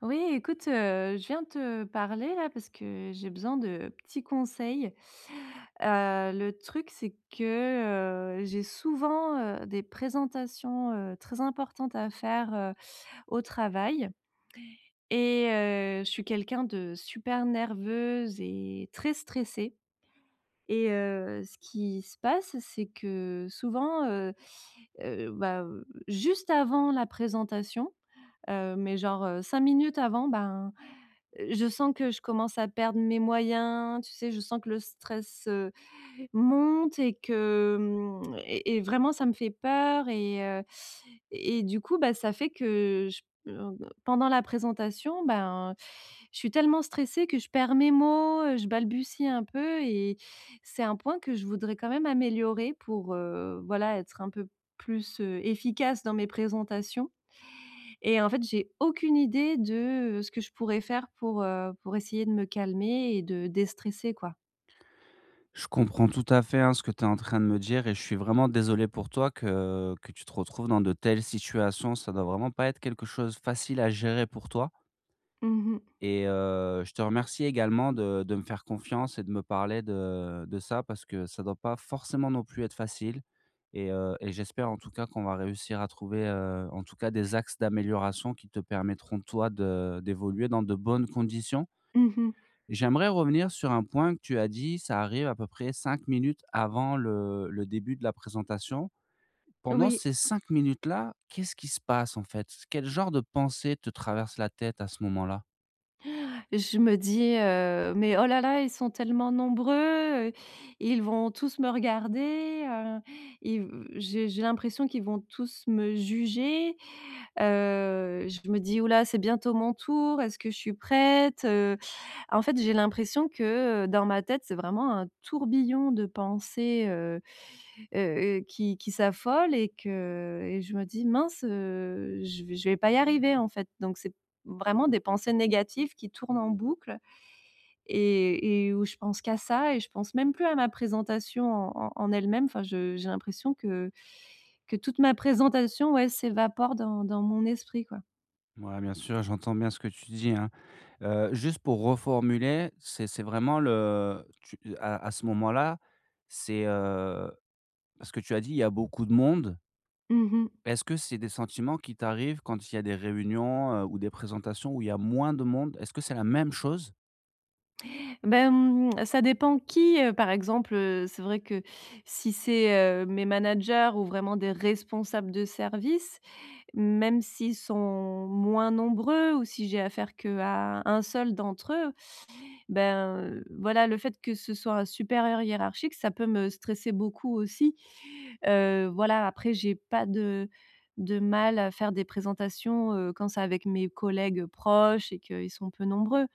Oui écoute, heu, je viens te parler là parce que j'ai besoin de petits conseils, heu, le truc c'est que, heu, j'ai souvent, heu, des présentations, heu, très importantes. À faire, heu, au travail, et heu, je suis quelqu'un de super nerveuse et très stressée. Et heu, ce qui se passe, c'est que souvent, heu heu, bah, heu juste avant la présentation, heu, mais genre, heu, 5 minutes avant ben, heu, je sens que je commence à perdre mes moyens. Tu sais? Je sens que le stress, heu, monte et que, mmh et et vraiment ça me fait peur et heu, et du coup bah ça fait que j p en, heu, pendant la présentation. Ben je suis tellement stressée que je perds mes mots, heu, je balbutie un peu. Et c'est un point que je voudrais quand même améliorer pour, heu, voilà, être un peu plus, heu efficace dans mes présentations. Et en fait, j'ai aucune idée de, heu, ce que je pourrais faire pour, heu pour essayer de me calmer et de déstresser quoi. Je comprends tout à fait, hein, ce que tu es en train de me dire et je suis vraiment désolé pour toi. Que que tu te retrouves dans de telles situations, ça doit vraiment pas être quelque chose facile à gérer pour toi Mmh mh. et heu, je te remercie également de de me faire confiance et de me parler de de ça. Parce que ça doit pas forcément non plus être facile, et heu et j'espère en tout cas qu'on va réussir à trouver, heu, en tout cas. Des axes d'amélioration qui te permettront toi de d'évoluer dans de bonnes conditions. Mmh mh. J'aimerais revenir sur un point que tu as dit. Ça arrive à peu près 5 minutes avant le le début de la présentation. Pendant Oui. ces 5 minutes-là, qu'est-ce qui se passe en fait? Quel genre de pensées te traverse la tête à ce moment-là? Je me dis, heu, mais: «Oh là là, ils sont tellement nombreux, heu, ils vont tous me regarder, heu, ils v» j'ai j'ai l'impression qu'ils vont tous me juger. Heu, je me dis: «Ouh là, c'est bientôt mon tour, est-ce que je suis prête, heu». En fait, j'ai l'impression que, heu, dans ma tête, c'est vraiment un tourbillon. De pensées, heu heu heu, qui qui s'affole et que et je me dis: «Mince, heu, je v je vais pas y arriver, en fait» donc c'est vraiment des pensées négatives. Qui tournent en boucle, et et où je pense qu'à ça et je pense même plus à ma présentation en en en elle-même. Enfin je j'ai l'impression que que toute ma présentation ouais s'évapore dans dans mon esprit, quoi. Mouais, bien sûr, j'entends bien ce que tu dis, hein. Heu, juste pour reformuler, c'est c'est vraiment le tu, heu à à ce moment-là, c'est heu parce que tu as dit: «il y a beaucoup de monde» Mmh mh. est-ce que c'est des sentiments qui t'arrivent quand il y a des réunions, heu, ou des présentations où il y a moins de monde? Est-ce que c'est la même chose? Beh, mmh, ça dépend qui. Heu, par exemple, heu, c'est vrai que, si c'est, heu, mes managers ou vraiment des responsables de service. Même s'ils sont moins nombreux ou si j'ai affaire qu'à 1 seul d'entre eux, ben, heu, voilà, le fait que ce soit un supérieur hiérarchique, ça peut me stresser beaucoup aussi, heu, voilà. Après, j'ai pas de de mal à faire des présentations, heu, quand c'est avec mes collègues proches et qu'ils sont peu nombreux,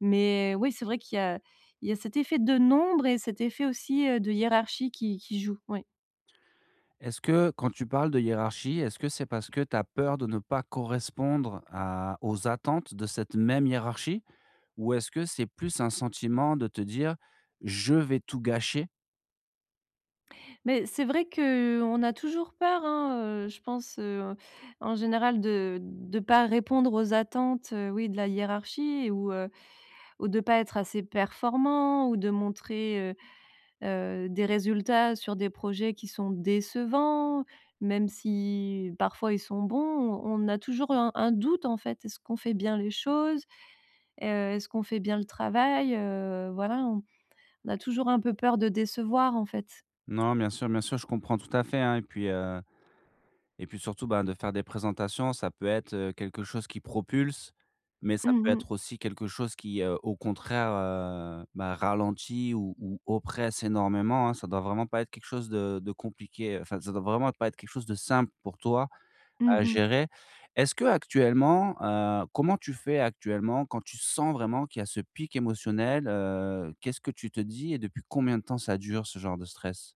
mais oui, c'est vrai qu'il y a il y a cet effet de nombre et cet effet aussi, heu, de hiérarchie qui qui joue, oui. Est-ce que, quand tu parles de hiérarchie, est-ce que c'est parce que tu as peur de ne pas correspondre à aux attentes de cette même hiérarchie? Ou est-ce que c'est plus un sentiment de te dire: «je vais tout gâcher?» Mais c'est vrai que, heu, on a toujours peur hein, heu, je pense, heu, en général. De de pas répondre aux attentes, heu, oui de la hiérarchie et ou, heu ou de pas être assez performant. Ou de montrer, heu heu, des résultats sur des projets qui sont décevants. Même si parfois ils sont bons, on on a toujours, heu, un un doute en fait. Est-ce qu'on fait bien les choses? Heu, est-ce qu'on fait bien le travail? Heu, voilà on on a toujours un peu peur de décevoir, en fait. Non bien sûr, bien sûr, je comprends tout à fait, hein et puis, heu, et puis surtout, bah, de faire des présentations ça peut être, heu, quelque chose qui propulse. Mais ça Mmh peut mh. être aussi quelque chose qui, heu, au contraire, heu, bah ralenti. Ou ou oppresse énormément, hein ça doit vraiment pas être quelque chose de de compliqué. Enfin ça doit vraiment être pas être quelque chose de simple pour toi Mmh à mh. gérer! Est-ce que, actuellement, heu comment tu fais actuellement quand tu sens vraiment qu'il y a ce pic émotionnel, heu? Qu'est-ce que tu te dis et depuis combien de temps ça dure ce genre de stress?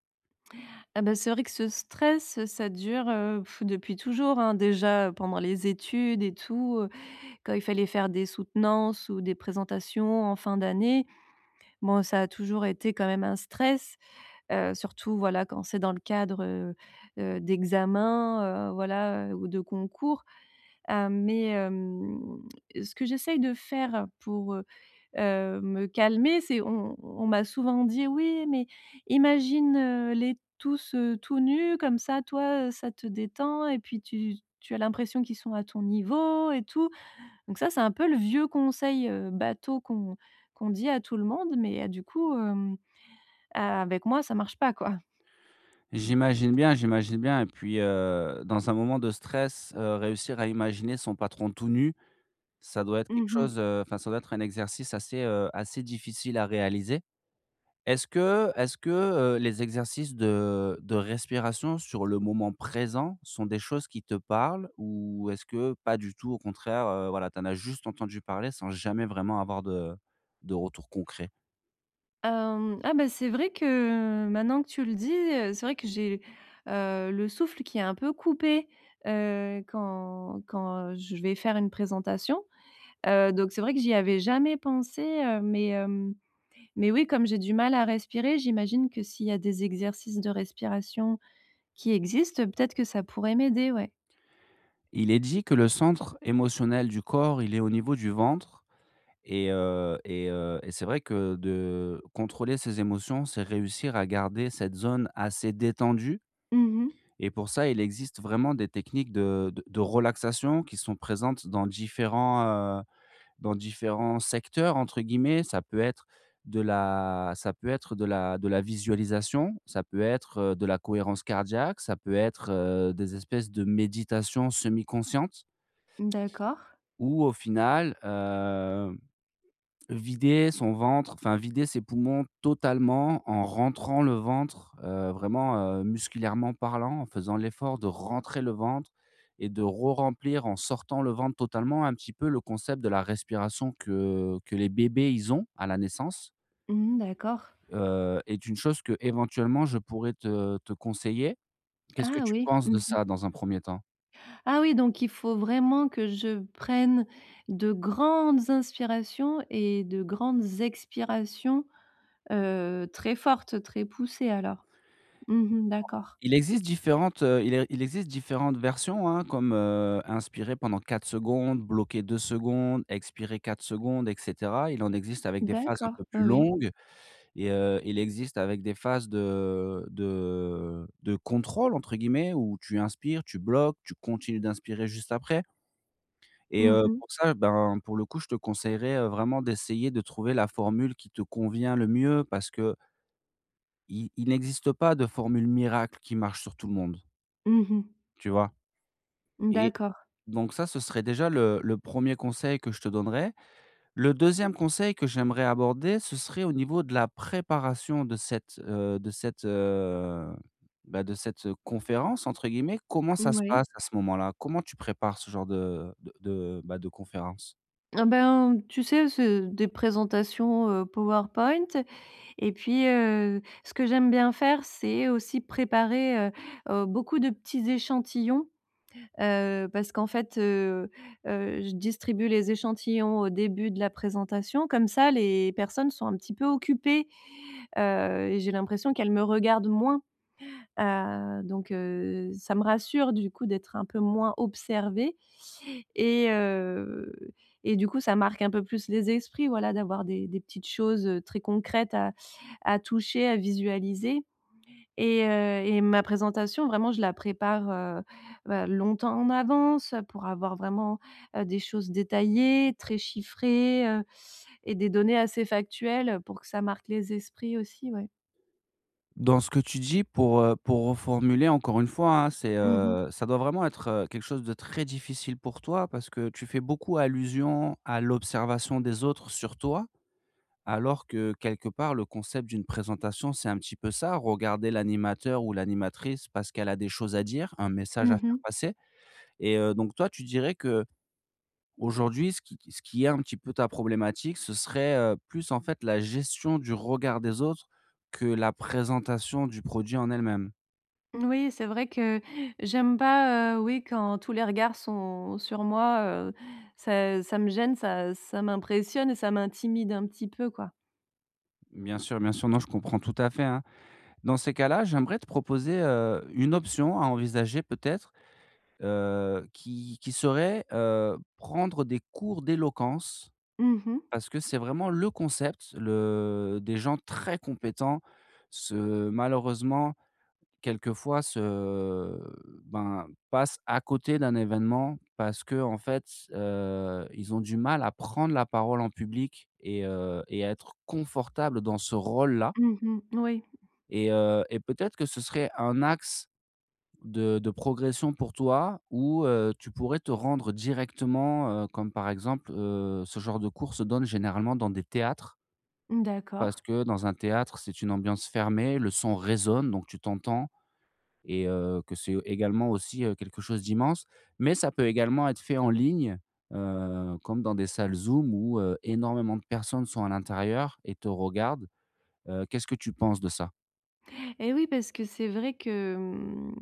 Ah bah c'est vrai que ce stress, heu, ça dure, heu pff depuis toujours, hein. Déjà, heu, pendant les études et tout, heu, quand il fallait faire des soutenances, ou des présentations en fin d'année, bon ça a toujours été quand même un stress. Heu, surtout voilà, quand c'est dans le cadre, heu heu, d'examens, heu, voilà, heu, ou de concours. Hem, mais, hem, ce que j'essaye de faire, pour, heu heu me calmer c'est on on m'a souvent dit «Oui mais, imagine, heu, les tous, heu, tout nus comme ça toi, heu, ça te détend et puis tu tu as l'impression qu'ils sont à ton niveau et tout». Donc ça c'est un peu le vieux conseil, heu, bateau qu'on qu'on dit à tout le monde, mais a du coup hem, a avec moi ça marche pas, quoi. J'imagine bien, j'imagine bien et puis, heu, dans un moment de stress, heu, réussir à imaginer son patron tout nu, ça doit être quelque Mmh mh. chose heu, enfin ça doit être un exercice assez, heu, assez difficile à réaliser. Est-ce que est-ce que, heu, les exercices de de respiration sur le moment présent, sont des choses qui te parlent? Ou est-ce que, pas du tout, au contraire, heu, voilà tu en as juste entendu parler sans jamais vraiment avoir de de retour concret? Hem, ah, bah, c'est vrai que maintenant que tu le dis, heu, c'est vrai que j'ai, heu, le souffle qui est un peu coupé, heu, quand quand je vais faire une présentation. Heu, donc c'est vrai que j'y avais jamais pensé, heu, mais hem, mais oui comme j'ai du mal à respirer, j'imagine que s'il y a des exercices de respiration, qui existent peut-être que ça pourrait m'aider, ouais. Il est dit que le centre émotionnel du corps il est au niveau du ventre et heu, et heu, et c'est vrai que de contrôler ses émotions, c'est réussir à garder cette zone, assez détendue, Mmh mh. et pour ça il existe vraiment des techniques de de de relaxation qui sont présentes dans différents, heu, «dans différents secteurs» entre guillemets. Ça peut être, de la ça peut être de la de la visualisation, ça peut être, heu, de la cohérence cardiaque ça peut être, heu, des espèces de méditations semi-conscientes D'accord. ou au final, hem, vider son ventre, enfin vider ses poumons, totalement, en rentrant le ventre, heu, vraiment, heu, musculairement parlant. En faisant l'effort de rentrer le ventre et de re-remplir en sortant le ventre totalement. Un petit peu le concept de la respiration que que les bébés ils ont, à la naissance. Mmh, d'accord. Heu, est une chose qu'éventuellement je pourrais te te conseiller. Qu'est-ce que Ah, tu oui, penses mmh de mh. ça dans un 1er temps? Ah, oui, donc il faut vraiment que je prenne de grandes inspirations et de grandes expirations, heu, très fortes, très poussées alors? Mmh mh, d'accord. Il existe différentes, heu, il e il existe différentes versions, hein, comme, heu, inspirer pendant 4 secondes, bloquer 2 secondes, expirer 4 secondes, et cetera. Il en existe avec des phases un D'accord, peu oui, plus oui. longues et, heu, il existe avec des phases de de de contrôle entre guillemets où tu inspires, tu bloques, tu continues d'inspirer juste après. Et, Mmh heu, mh. pour ça, ben, pour le coup, je te conseillerais, heu, vraiment d'essayer de trouver la formule qui te convient le mieux parce que i il n'existe pas de formule miracle qui marche sur tout le monde. Mmh mh. Tu vois? Mmh, Et, d'accord. donc ça ce serait déjà le le 1er conseil que je te donnerai. Le 2e conseil que j'aimerais aborder ce serait au niveau de la préparation de cette, heu de cette, heu bah, de cette, heu, conférence entre guillemets. Comment N ça se ouais. passe à ce moment-là? Comment tu prépares ce genre de de de bah, de conférence? Ah ben tu sais c'est des présentations, heu, PowerPoint et puis, heu, ce que j'aime bien faire, c'est aussi préparer, heu heu, beaucoup de petits échantillons. Heu, parce qu'en fait, heu heu, je distribue les échantillons au début de la présentation comme ça les personnes sont un petit peu occupées heu, et j'ai l'impression qu'elles me regardent moins, heu, donc, heu, ça me rassure. Du coup d'être un peu moins observée, et heu, et du coup ça marque un peu plus les esprits, voilà. D'avoir des des petites choses, heu, très concrètes à à toucher, à visualiser, et heu et ma présentation. Vraiment je la prépare, heu, bah, longtemps en avance, heu, pour avoir vraiment, heu, des choses détaillées. Très chiffrées, heu, et des données assez factuelles, heu, pour que ça marque les esprits aussi, ouais. Dans ce que tu dis pour, heu pour reformuler encore une fois hein. C'est, Mmh mh. heu ça doit vraiment être, heu, quelque chose de très difficile pour toi. Parce que tu fais beaucoup allusion à l'observation des autres sur toi. Alors que, heu, quelque part le concept d'une présentation c'est un petit peu ça, regarder l'animateur ou l'animatrice. Parce qu'elle a des choses à dire, un message à Mmh faire mh. passer. Et heu, donc toi tu dirais qu'aujourd'hui ce qui ce qui est un petit peu ta problématique. Ce serait, heu, plus en fait la gestion du regard des autres que la présentation du produit en elle-même? Mmh n oui, c'est vrai que, j'aime pas, heu, oui quand tous les regards sont sur moi, heu. Ça ça me gêne, ça ça m'impressionne et ça m'intimide un petit peu, quoi. Bien sûr, bien sûr non je comprends tout à fait, hein. Dans ces cas-là, j'aimerais te proposer, heu, une option à envisager. Peut-être, heu, qui qui serait, heu, prendre des cours d'éloquence. Mmh mh. Parce que c'est vraiment le concept, le des gens très compétents, se malheureusement, quelquefois se ben passe à côté d'un évènement. Parce qu'en fait, s heu, ils ont du mal à prendre la parole en public et heu et à être confortable dans ce rôle là Mmh mh, n oui. et heu, et peut-être que ce serait un axe de de progression pour toi où heu, tu pourrais te rendre directement, heu, comme par exemple, heu, ce genre de cours se donne généralement dans des théâtres Mmh parce d'accord. que dans un théâtre, c'est une ambiance fermée, le son résonne donc tu t'entends et heu, que c'est, heu, également aussi, heu, quelque chose d'immense. Mais ça peut également être fait en ligne, heu, comme dans des salles Zoom où, heu, énormément de personnes sont à l'intérieur et te regardent. Heu, qu'est-ce que tu penses de ça? Et oui, parce que c'est vrai que, mmh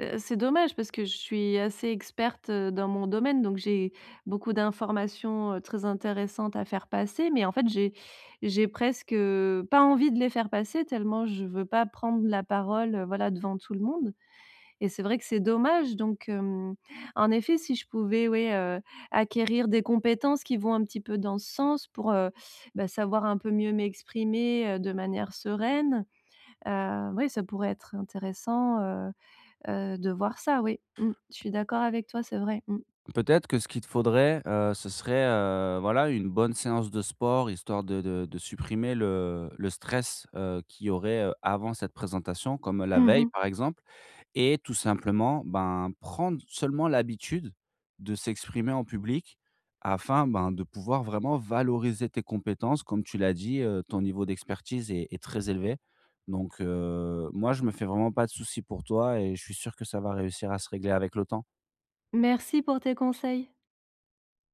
heu, c'est dommage parce que je suis assez experte, heu, dans mon domaine, donc j'ai beaucoup d'informations, heu, très intéressantes à faire passer. Mais, en fait, j'ai j'ai presque, heu, pas envie de les faire passer tellement je veux pas prendre la parole, heu, voilà, devant tout le monde. Et c'est vrai que c'est dommage donc hem. En effet, si je pouvais ouais, heu, acquérir des compétences qui vont un petit peu dans ce sens. Pour, heu, bah savoir un peu mieux m'exprimer, heu, de manière sereine. Heu, oui ça pourrait être intéressant, heu heu, de voir ça, oui. Mmh. Je suis d'accord avec toi, c'est vrai. Mmh. Peut-être que ce qu'il te faudrait, heu, ce serait, heu, voilà une bonne séance de sport. Histoire de de de supprimer le le stress, heu, qu'il y aurait, heu, avant cette présentation, comme, heu, la Mmh veille, mh. par exemple. Et tout simplement ben, prendre seulement l'habitude de s'exprimer en public afin ben, de pouvoir vraiment valoriser tes compétences. Comme tu l'as dit, heu, ton niveau d'expertise est est très élevé. Donc, heu, moi je me fais vraiment pas de souci pour toi et je suis sûr que ça va réussir à se régler avec le temps. Merci pour tes conseils.